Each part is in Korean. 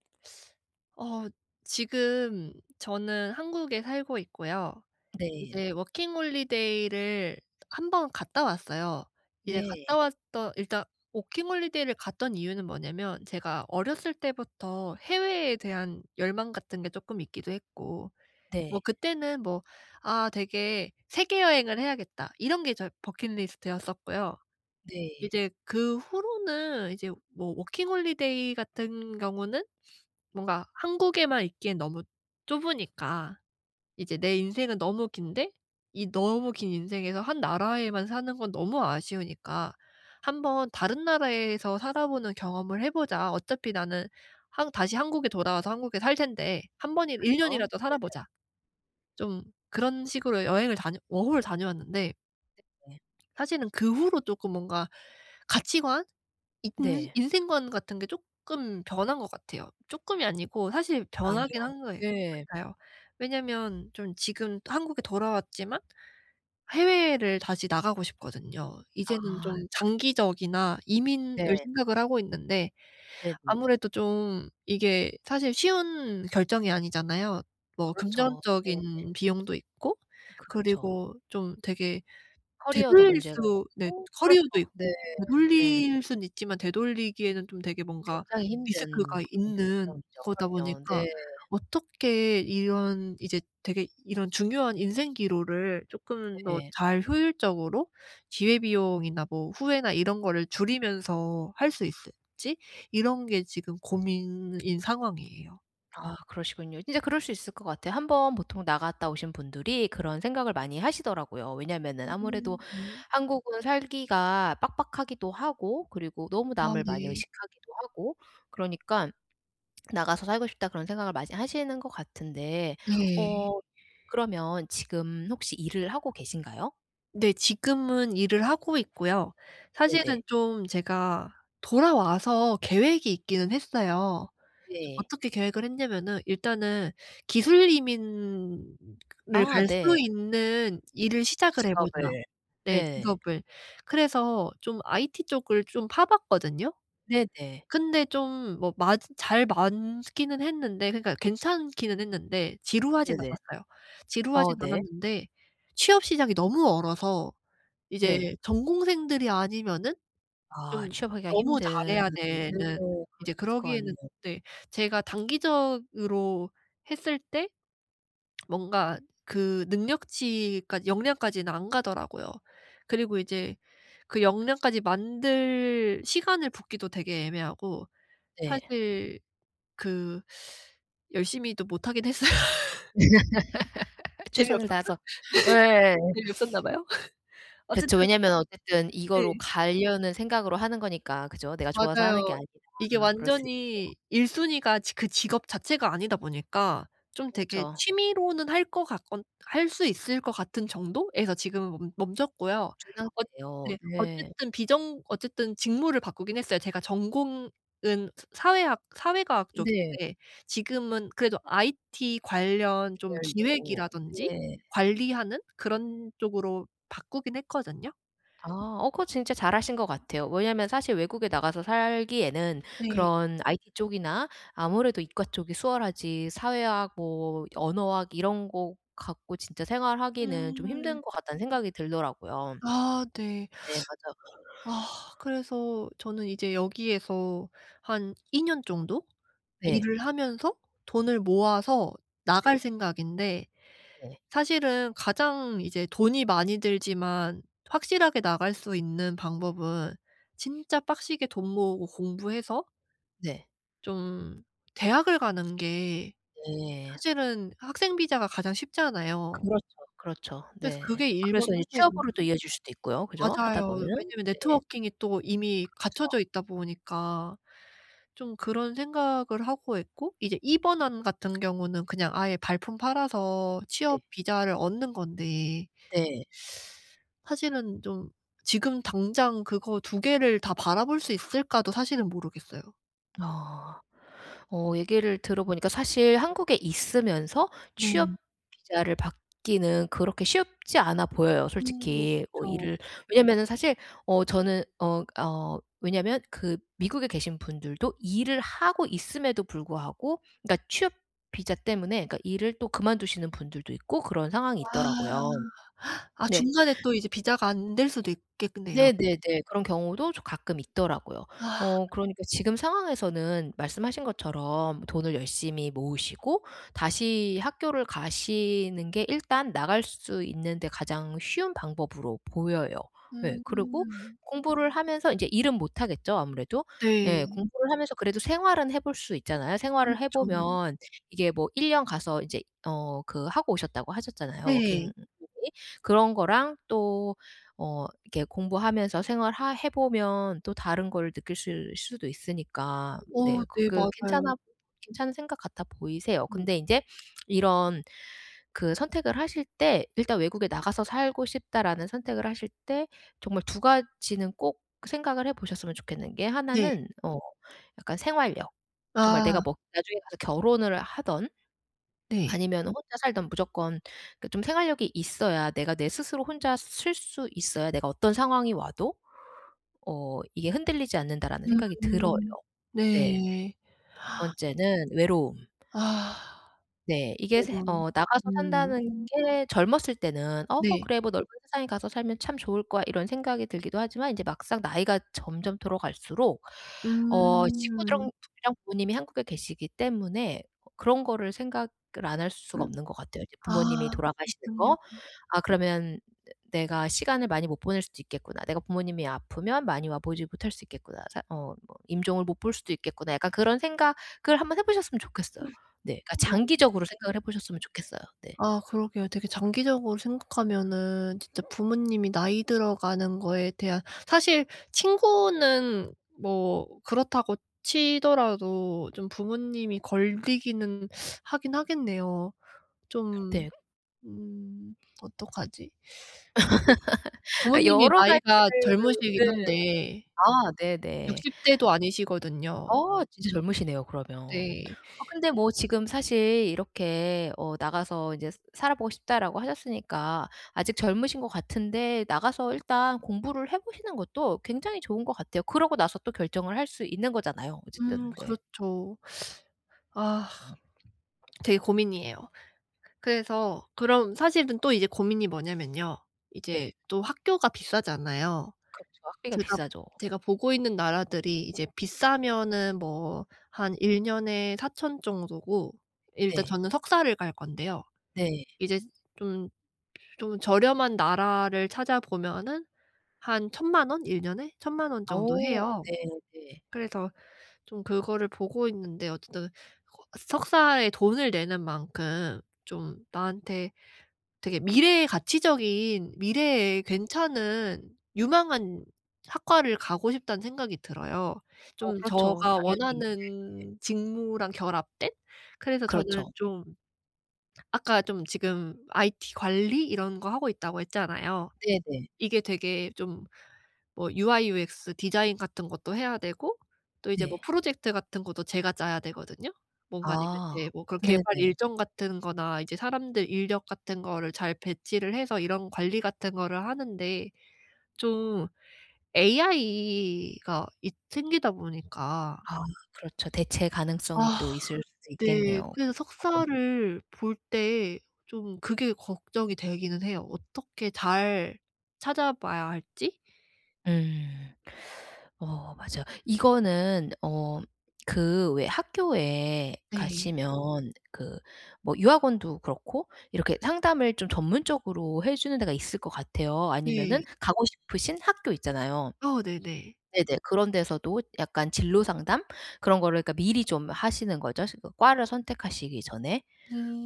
어 지금 저는 한국에 살고 있고요. 네. 이제 워킹 홀리데이를 1 번 갔다 왔어요. 이제 갔다 네. 왔더 일단 워킹 홀리데이를 갔던 이유는 뭐냐면 제가 어렸을 때부터 해외에 대한 열망 같은 게 조금 있기도 했고 네. 뭐 그때는 뭐 '아. 되게 세계 여행을 해야겠다.' 이런 게 저의 버킷리스트였었고요. 네. 이제 그 후로는 이제 뭐 워킹 홀리데이 같은 경우는 뭔가 '한국에만 있기엔 너무 좁으니까 이제 내 인생은 너무 긴데 이 너무 긴 인생에서 1 나라에만 사는 건 너무 아쉬우니까 1 번 다른 나라에서 살아보는 경험을 해 보자. 어차피 나는 한 다시 한국에 돌아와서 한국에 살 텐데 1 번 1 그쵸. 년이라도 네네. 살아보자.' 좀 그런 식으로 여행을 다녀 워홀을 다녀왔는데. 네네. 사실은 그 후로 쪼끔 뭔가 가치관, 인 네. 인생관 같은 게 쪼끔 변한 것 같아요. 쪼끔이 아니고 사실 변하긴 아니요. 한 거예 네. 같아요. 왜냐면 좀 지금 또 한국에 돌아왔지만 해외를 다시 나가고 싶거든요. 이제는 좀 아. 장기적이나 이민을 네. 생각을 하고 있는데 네네. 아무래도 좀 이게 사실 쉬운 결정이 아니잖아요. 뭐 그렇죠. 네. 금전적인 비용도 있고 그렇죠. 그리고 좀 되게 커리어도 되돌릴 문제가 수 네. 있고 그렇죠. 커리어도 네. 있고 네. 되돌릴 수는 있지만 되돌리기에는 좀 되게 뭔가 굉장히 리스크가 힘든 그런 있는 결정이죠. 거다 그럼요. 보니까 네. 어떻게 이런 이제 되게 이런 중요한 인생 기로를 조금 더 네. 잘 효율적으로 기회 비용이나 뭐 후회나 이런 거를 줄이면서 할 수 있을지 이런 게 지금 고민인 상황이에요. 아 그러시군요. 진짜 그럴 수 있을 것 같아요. 1 번 보통 나갔다 오신 분들이 그런 생각을 많이 하시더라구요. 왜냐면은 아무래도 [unintelligible] 한국은 살기가 빡빡하기도 하고 그리고 너무 아 남을 많이 네. 의식하기도 하고 그러니깐 '나가서 살고 싶다.' 그런 생각을 많이 하시는 거 같은데 네. 어 그러면 지금 혹시 일을 하고 계신가요? 네. 지금은 일을 하고 있고요. 사실은 네네. 좀 제가 돌아와서 계획이 있기는 했어요. 네. 어떻게 계획을 했냐면은 "일단은 기술 이민을 아 갈 수 네. 있는 일을 시작을 해 보자." 직업을 네. 네. 직업을. 그래서 좀 IT 쪽을 좀 파봤거든요. 네, 네. 근데 좀 뭐 맞 잘 많기는 했는데 그러니까 괜찮기는 했는데. 지루하진 네네. 않았어요. 어 지루하진 네. 않았는데 취업 시장이 너무 얼어서 이제 네. 전공생들이 아니면은 아. 좀 취업하기가 너무 힘든 잘해야 되는, [unintelligible] 이제 그러기에는 같네요. 네. 제가 단기적으로 했을 때 뭔가 그 능력치까지 역량까지는 안 가더라고요. 그리고 이제 그 역량까지 만들 시간을 붓기도 되게 애매하고 네. 사실 그 열심히도 못하긴 했어요. 재미없어서? 최선을 다해서 예. 재미없었나 봐요. 그쵸. 어쨌든 왜냐하면 어쨌든 이거로 네. 가려는 생각으로 하는 거니까 그죠? 내가 좋아서 하는 게 맞아요. 아니라. 이게 그럴 수 있죠. 완전히 1 순위가 직 그 직업 자체가 아니다 보니까 좀 되게 그렇죠. 취미로는 할 거 같 건 할 수 있을 것 같은 정도에서 지금은 멈 멈췄고요. 멈춘 엇 상태예요. 네. 네. 어쨌든 비정 어쨌든 직무를 바꾸긴 했어요. 제가 전공은 스 사회학 사회 과학 네. 쪽인데 지금은 그래도 IT 관련 좀 계열로. 기획이라든지, 네. 관리하는 그런 쪽으로 바꾸긴 했거든요. 아. 어 그거 진짜 잘 하신 것 같아요. 왜냐면 사실 외국에 나가서 살기에는 네. 그런 IT 쪽이나 아무래도 이과 쪽이 수월하지, 사회학 뭐 언어학 이런 거 갖고 진짜 생활하기는 좀 음. 힘든 거 같다는 생각이 들더라구요. 아. 네. 네 맞아요. 아. 그래서 저는 이제 여기에서 한 2 년 정도 네. 일을 하면서 돈을 모아서 네. 나갈 생각인데 네. 사실은 가장 이제 돈이 많이 들지만 확실하게 나갈 수 있는 방법은 진짜 빡세게 돈 모으고 공부해서 네. 좀 대학을 가는 게 네. 사실은 학생 비자가 가장 쉽잖아요. 그렇죠, 그렇죠. 그래서 네. 그게 1 번 그래서 이제 선택 안이고 취업으로도 이어질 수도 있고요. 그죠? 하다 맞아요. 보면 왜냐면 네. 네트워킹이 또 이미 그렇죠. 갖춰져 있다 보니까. 좀 그런 생각을 하고 있고 이제 2 번 안 같은 경우는 그냥 아예 발품 팔아서 네. 취업 비자를 얻는 건데 네. 사실은 좀 지금 당장 그거 2 개를 다 바라볼 수 있을까도 사실은 모르겠어요. 아 어 얘기를 들어보니까 사실 한국에 있으면서 취업 네. 비자를 받기는 그렇게 쉽지 않아 보여요. 음. 솔직히 뭐 그쵸. 일을 왜냐면은 사실 어 저는 어 어 왜냐면 그 미국에 계신 분들도 일을 하고 있음에도 불구하고 그니까 취업 비자 때문에 그니까 일을 또 그만두시는 분들도 있고 그런 아 상황이 있더라고요. 아 네. 중간에 또 이제 비자가 안 될 수도 있겠네요. 네네네. 그런 경우도 조 가끔 있더라고요. 아. 어 그러니까 지금 상황에서는 말씀하신 것처럼 돈을 열심히 모으시고 다시 학교를 가시는 게 일단 나갈 수 있는데 가장 쉬운 방법으로 보여요. 예. 그리고 음. 공부를 하면서 인제 일은 못하겠죠. 아무래도 예. 네. 공부를 하면서 생활은 해볼 수 있잖아요. 생활을 그렇죠. 해보면 이게 뭐 1 년 가서 이제 어 그 하고 오셨다고 하셨잖아요 워킹 네. 홀리데이 그런 거랑 또 어 이렇게 공부하면서 생활하 해보면 또 다른 걸 느끼실 수도 있으니까 네 어 네 그게 맞아요. 괜찮아 괜찮은 생각 같아 보이세요. 음. 근데 인제 이런 그 선택을 하실 때 일단 '외국에 나가서 살고 싶다.'라는 선택을 하실 때 정말 2 가지는 꼭 생각을 해보셨으면 좋겠는 게 네. 하나는 어 약간 생활력. 정말 내가 아. 뭐 나중에 가서 결혼을 하든 네. 아니면 혼자 살든 무조건 그 좀 생활력이 있어야 내가 내 스스로 혼자 설 수 있어야 내가 어떤 상황이 와도 어 이게 흔들리지 않는다라는 생각이 들어요. 음. 네. 그리고 네. 2 번째는 외로움. 아. 네. 이게 새 매번 어 나가서 음. 산다는 게 젊었을 때는 '어 네. 그래 뭐 넓은 세상에 가서 살면 참 좋을 거야.' 이런 생각이 들기도 하지만 이제 막상 나이가 점점 들어갈수록 어 음. 친구들이랑 [unintelligible] 부모님이 한국에 계시기 때문에 그런 거를 생각을 안 할 수가 없는 것 같아요. 이제 아 부모님이 돌아가시는 그렇군요. 거. '아 그러면 내 내가 시간을 많이 못 보낼 수도 있겠구나. 내가 부모님이 아프면 많이 와보지 못할 수 있겠구나. 사 어 임종을 못 볼 수도 있겠구나.' 약간 그런 생각을 한번 해보셨으면 좋겠어요. 네. 그니까 장기적으로 [unintelligible] 생각을 해보셨으면 좋겠어요. 네. 아 그러게요. 되게 장기적으로 생각하면은 진짜 부모님이 나이 들어가는 거에 대한 사실 친구는 뭐 그렇다고 치더라도 좀 부모님이 걸리기는 하긴 하겠네요. 좀 네. 음 어떡하지? 아 부모님이 여러 나이가 가지를 네 젊으시긴 한데 아. 네네. 60 대도 아니시거든요. 어. 진짜 젊으시네요, 그러면. 네. 아 근데 뭐 지금 사실 이렇게 어 "나가서 이제 살아보고 싶다."라고 하셨으니까 아직 젊으신 것 같은데 나가서 일단 공부를 해보시는 것도 굉장히 좋은 것 같아요. 그러고 나서 또 결정을 할 수 있는 거잖아요. 음 어쨌든. 네. 그렇죠. 아 되게 고민이에요. 그래서 그럼 사실은 또 이제 고민이 뭐냐면요. 네. 이제 또 학교가 비싸잖아요. 그렇죠. 학비가 제가 비싸죠. 제가 보고 있는 나라들이 이제 비싸면은 뭐 한 1년에 4000 정도고 일단 네. 저는 석사를 갈 건데요. 네. 이제 좀 좀 저렴한 나라를 찾아보면은 한 10,000,000 원? 1년에 10,000,000 원 정도 어 해요. 네. 네. 그래서 좀 그거를 보고 있는데 어쨌든 그 석사에 돈을 내는 만큼 좀 나한테 되게 미래의 가치적인 미래에 괜찮은 유망한 학과를 가고 싶다는 생각이 들어요. 어 좀 그렇죠. 저가 당연히. 네네. 원하는 직무랑 결합된? 그래서 저는 그렇죠. 좀 아까 좀 지금 IT 관리 이런 거 하고 있다고 했잖아요. 네네. 이게 되게 좀 뭐 UI, UX 디자인 같은 것도 해야 되고 또 이제 뭐 네. 프로젝트 같은 것도 제가 짜야 되거든요. 뭔가 아니면 아 이제 뭐 그런 개발 네네. 일정 같은 거나 이제 사람들 인력 같은 거를 잘 배치를 해서 이런 관리 같은 거를 하는데 좀 AI가 있 생기다 보니까 아 그렇죠. 대체 아 가능성이 또 있을 수 네. 있겠네요. 그래서 [unintelligible] 석사를 볼 때 좀 그게 걱정이 되기는 해요. 어떻게 잘 찾아봐야 할지? 음. 어 맞아요. 이거는 어 그 왜 학교에 네. 가시면 그 뭐 유학원도 그렇고 이렇게 상담을 좀 전문적으로 해주는 데가 있을 것 같아요. 아니면은 네. 가고 싶으신 학교 있잖아요. 어 네네. 네네. 그런 데서도 약간 진로 상담 그런 거를 그니까 미리 좀 하시는 거죠, 지금 과를 선택하시기 전에.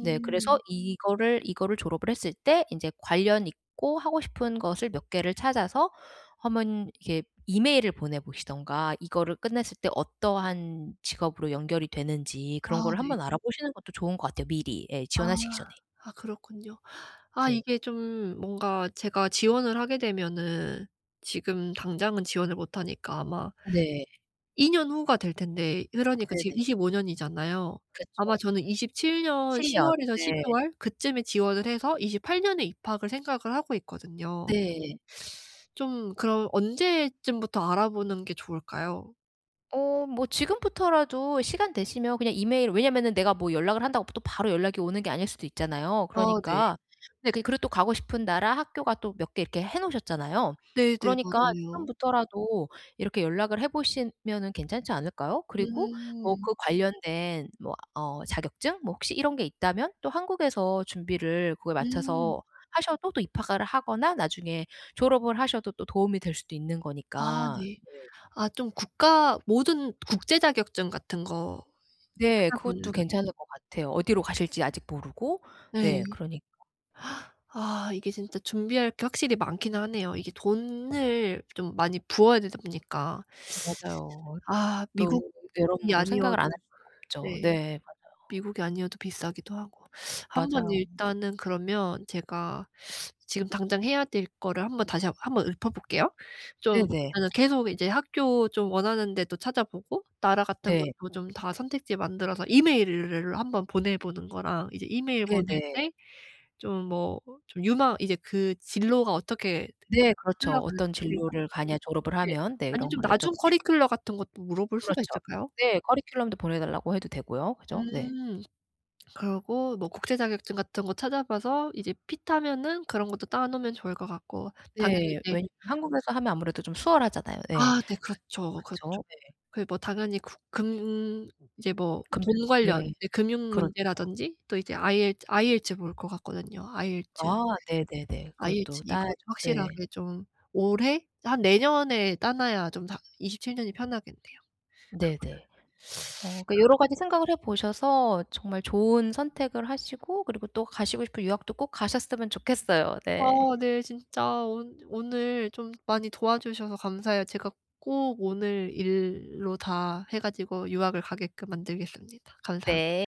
네. 그래서 이거를 이거를 졸업을 했을 때 이제 관련 있고 하고 싶은 것을 몇 개를 찾아서 1 번 이렇게 이메일을 보내 보시든가 이거를 끝냈을 때 어떠한 직업으로 연결이 되는지 아 그런 거를 네. 한번 알아보시는 것도 좋은 것 같아요. 미리 네 아. 지원하시기 전에. 아 그렇군요. 아 네. 이게 좀 뭔가 제가 지원을 하게 되면은 지금 당장은 지원을 못 하니까 아마 네. 2년 후가 될 텐데 그러니까 지금 네네. 25 년 이잖아요. 그쵸. 아마 저는 27 년 7년 10월에서 네. 12월 그 쯤에 지원을 해서 28 년에 입학을 생각을 하고 있거든요. 네. 좀 그럼 언제쯤부터 알아보는 게 좋을까요? 어 뭐 지금부터라도 시간 되시면 그냥 이메일 왜냐하면은 내가 뭐 연락을 한다고 또 바로 연락이 오는 게 아닐 수도 있잖아요. 아 네. 그러니까 근데 그리고 또 가고 싶은 나라, 학교가 또 몇 개 이렇게 해 놓으셨잖아요. 네네. 그러니까 맞아요. 지금부터라도 이렇게 연락을 해 보시면은 괜찮지 않을까요? 그리고 뭐 음. 그 관련된 뭐 어 자격증? 뭐 혹시 이런 게 있다면 또 한국에서 준비를 그거에 음. 맞춰서 하셔도 또 입학을 하거나 나중에 졸업을 하셔도 또 도움이 될 수도 있는 아 거니까 네. 네. 아 좀 국가 모든 국제 자격증 같은 거 네. 찾아 그것도 보면은 괜찮을 것 같아요. 어디로 가실지 아직 모르고 네. 네 그러니까. 아 이게 진짜 준비할 게 확실히 많기는 하네요. 이게 돈을 좀 많이 부어야 되다 보니까. 맞아요. 어 아 미국이 또 여러모로 아니어도 생각을 안 할 수가 없죠. 네. 네. 맞아요. 미국이 아니어도 비싸기도 하고. 한번 맞아요. 일단은 그러면 제가 지금 당장 해야 될 거를 한번 다시 한 한 번 읊어 볼게요. 좀 네네. 일단 계속 이제 학교 좀 원하는 데도 찾아보고 나라 같은 네. 것도 좀 다 선택지 만들어서 이메일을 한번 보내 보는 거랑 이제 이메일 보낼 네네. 때 좀 뭐 좀 유망 이제 그 진로가 어떻게 네. 그렇죠. 흘러가는지 "어떤 [unintelligible] 진로를 가냐? 졸업을 네. 하면." 네. 아니 이런 좀 거 여쭤 나중 보시고. 커리큘럼 같은 것도 물어볼 수가 그렇죠. 있잖아요? 네. 커리큘럼도 보내달라고 해도 되고요. 그죠? 네. 음. 그러고 뭐 국제 자격증 같은 거 찾아 봐서 이제 핏하면은 그런 것도 따 놓으면 좋을 것 같고 당연히 네. 이제 왜냐하면 한국에서 하면 아무래도 좀 수월하잖아요. 네. 아 네. 아. 그렇죠, 그렇죠. 그쵸. 네. 그 뭐 당연히 그 금 이제 뭐 금전 돈 관련 네. 이제 금융 그렇죠. 문제라든지? 또 이제 IEL IELTS 볼 것 같거든요. IELTS, 아 네네네. IELTS 그것도 이거 따야죠. 네. 확실하게 좀 올해? 한 내년에 따 놔야 좀 다 27 년이 편하겠네요. 그 마 네네. 어 그러니까 [unintelligible] 아. 여러가지 생각을 해 보셔서 정말 좋은 선택을 하시고 그리고 또 가시고 싶은 유학도 꼭 가셨으면 좋겠어요. 네. 어 네. 진짜 온 오늘 좀 많이 도와 주셔서 감사해요. 제가 꼭 오늘 일로 다 해 가지고 유학을 가게끔 만들겠습니다. 감사합니다. 네.